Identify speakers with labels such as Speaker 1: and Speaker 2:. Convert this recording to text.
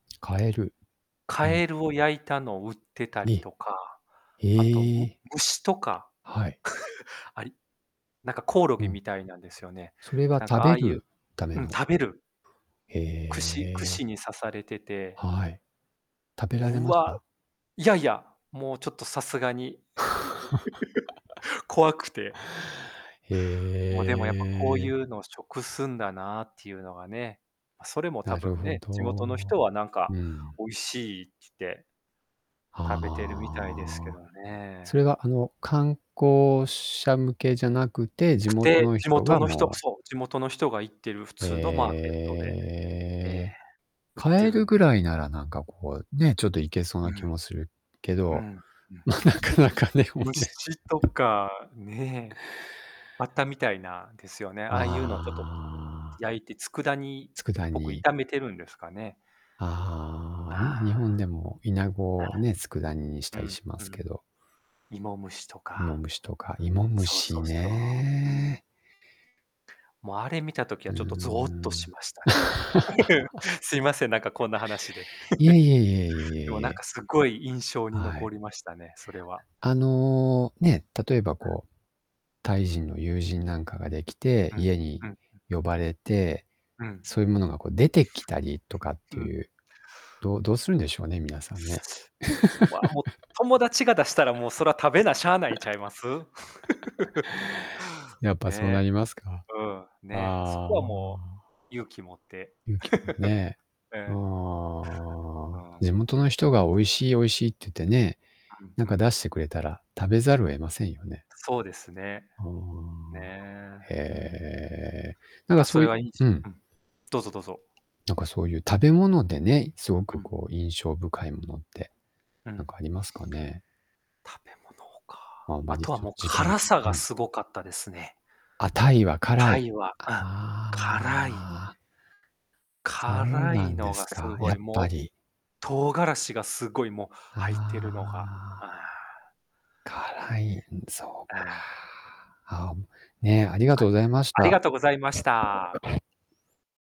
Speaker 1: 蛙はい。
Speaker 2: 蛙を焼いたのを売ってたり
Speaker 1: え、
Speaker 2: とか、
Speaker 1: へ
Speaker 2: あとむ
Speaker 1: え。
Speaker 2: 虫とか、
Speaker 1: はい。
Speaker 2: ありなんかコオロ
Speaker 1: う
Speaker 2: ギ
Speaker 1: ん。
Speaker 2: みたいなんですよね。
Speaker 1: それは
Speaker 2: なんか
Speaker 1: 食
Speaker 2: あ
Speaker 1: べ
Speaker 2: あいう
Speaker 1: るため
Speaker 2: うん、
Speaker 1: の？
Speaker 2: 食べる。
Speaker 1: へ
Speaker 2: 串串
Speaker 1: え。
Speaker 2: に刺されてて。
Speaker 1: はい。食べられ
Speaker 2: う
Speaker 1: まし
Speaker 2: わ
Speaker 1: た？
Speaker 2: いやいや、もうちょっとさすがに 怖くて。
Speaker 1: へ
Speaker 2: もうでもやっぱこうい
Speaker 1: え。
Speaker 2: うのを食すんだなっていうのがね、それも多
Speaker 1: なる
Speaker 2: 分
Speaker 1: ほ
Speaker 2: ね、地元の
Speaker 1: ど。
Speaker 2: 人はなんか
Speaker 1: うん。
Speaker 2: 美味しいってつって食べてるみたいですけ
Speaker 1: あ
Speaker 2: ど
Speaker 1: あ。そ
Speaker 2: ね。
Speaker 1: れがあの、観光者向けじゃなくて地
Speaker 2: く
Speaker 1: 元
Speaker 2: て、
Speaker 1: の
Speaker 2: 地
Speaker 1: 人
Speaker 2: 元
Speaker 1: が
Speaker 2: の人、く
Speaker 1: もう
Speaker 2: そう、地元の人が行ってる普
Speaker 1: へ
Speaker 2: 通のマーケットで、ええ、
Speaker 1: え。
Speaker 2: 売ってる
Speaker 1: 蛙
Speaker 2: んで
Speaker 1: ぐらいなら、なんかこう、ね、ちょっといけそう
Speaker 2: う
Speaker 1: な気
Speaker 2: ん。
Speaker 1: もするけ
Speaker 2: う
Speaker 1: ど、
Speaker 2: ん、うん。
Speaker 1: ま、なかなかでもね。
Speaker 2: 虫とか、ねえ。バッタみたいなですよね。ああいうのをちょっと
Speaker 1: ああ。
Speaker 2: 焼いて佃煮っ
Speaker 1: 佃
Speaker 2: ぽく
Speaker 1: 煮。
Speaker 2: 炒めてるんですかね。
Speaker 1: ああ、
Speaker 2: あ
Speaker 1: に日本でもイナ
Speaker 2: あ、
Speaker 1: ゴ
Speaker 2: あ。
Speaker 1: をね、佃煮にし
Speaker 2: う
Speaker 1: たり
Speaker 2: ん
Speaker 1: しま
Speaker 2: う
Speaker 1: すけ
Speaker 2: ん。
Speaker 1: ど。
Speaker 2: 芋虫と
Speaker 1: イモ
Speaker 2: か。
Speaker 1: ムシとか、イモム
Speaker 2: そうそ
Speaker 1: シ
Speaker 2: うそう、うん。
Speaker 1: ね。
Speaker 2: もうあれ見た時
Speaker 1: う
Speaker 2: は
Speaker 1: ー
Speaker 2: ちょっとゾーッとし
Speaker 1: ん。
Speaker 2: ましたね。すいません、なんかこんな話で。
Speaker 1: いえいえいえい え
Speaker 2: でも
Speaker 1: いえい
Speaker 2: なん
Speaker 1: え。
Speaker 2: かすっごい印象に
Speaker 1: はい。
Speaker 2: 残りましたね、それは。
Speaker 1: あの、ね、例えば
Speaker 2: あ。
Speaker 1: こう、タイ人の友人なんかが
Speaker 2: うん
Speaker 1: できて、
Speaker 2: うん
Speaker 1: 家に
Speaker 2: うん。う。
Speaker 1: 呼ばれて、
Speaker 2: うん。
Speaker 1: そういうものがこう出てきたりとかっ
Speaker 2: う
Speaker 1: て
Speaker 2: ん。
Speaker 1: いう、どどうするんでしょうね、皆さんね。
Speaker 2: ま、もう、友達が出したら、もう、そら食べなしゃあないんちゃいます。
Speaker 1: やっぱそう
Speaker 2: ね
Speaker 1: な
Speaker 2: え。
Speaker 1: りますか。
Speaker 2: うん、ね。そ
Speaker 1: あ
Speaker 2: こはもう、
Speaker 1: あ。
Speaker 2: 勇気持って。
Speaker 1: 勇気もね、あ
Speaker 2: ええ。ああ。
Speaker 1: あ、地元の人が美味しい美味しいって言ってね、
Speaker 2: うん
Speaker 1: なん
Speaker 2: う
Speaker 1: か
Speaker 2: ん。
Speaker 1: 出してくれたら、食べざるを得ませんよね。
Speaker 2: そうですね。
Speaker 1: ああ。
Speaker 2: ねえ、
Speaker 1: へ
Speaker 2: うん。
Speaker 1: え。なんか
Speaker 2: か、そ
Speaker 1: そう
Speaker 2: れ
Speaker 1: いう
Speaker 2: はいじ
Speaker 1: うん。
Speaker 2: うん。どうぞどうぞ。
Speaker 1: なんかそういう食べ物でね、すご
Speaker 2: う
Speaker 1: く
Speaker 2: ん。
Speaker 1: こう印象深いものって、
Speaker 2: う
Speaker 1: なん
Speaker 2: ん。
Speaker 1: かありますかね。
Speaker 2: 食べ物か。
Speaker 1: ま、ま
Speaker 2: あ
Speaker 1: に
Speaker 2: とは
Speaker 1: ちょっ
Speaker 2: もう
Speaker 1: と時間
Speaker 2: 辛さ
Speaker 1: う
Speaker 2: が
Speaker 1: ん。
Speaker 2: すごかったですね。
Speaker 1: あ、タイは辛
Speaker 2: タ
Speaker 1: い。
Speaker 2: イはうん、
Speaker 1: あ
Speaker 2: 辛い。
Speaker 1: あ。そう
Speaker 2: 辛
Speaker 1: な
Speaker 2: い
Speaker 1: ん
Speaker 2: の
Speaker 1: です
Speaker 2: がす
Speaker 1: か、
Speaker 2: ご
Speaker 1: や
Speaker 2: い、
Speaker 1: っぱ
Speaker 2: もう
Speaker 1: り。
Speaker 2: 唐辛子がすごいもう
Speaker 1: あ
Speaker 2: 入ってるのが。ああ。
Speaker 1: あ。辛い、そ
Speaker 2: あ
Speaker 1: う
Speaker 2: あ。
Speaker 1: か。あん、ね、ありが
Speaker 2: は
Speaker 1: とう
Speaker 2: い、
Speaker 1: ございまし
Speaker 2: あり
Speaker 1: た。
Speaker 2: がとうございました。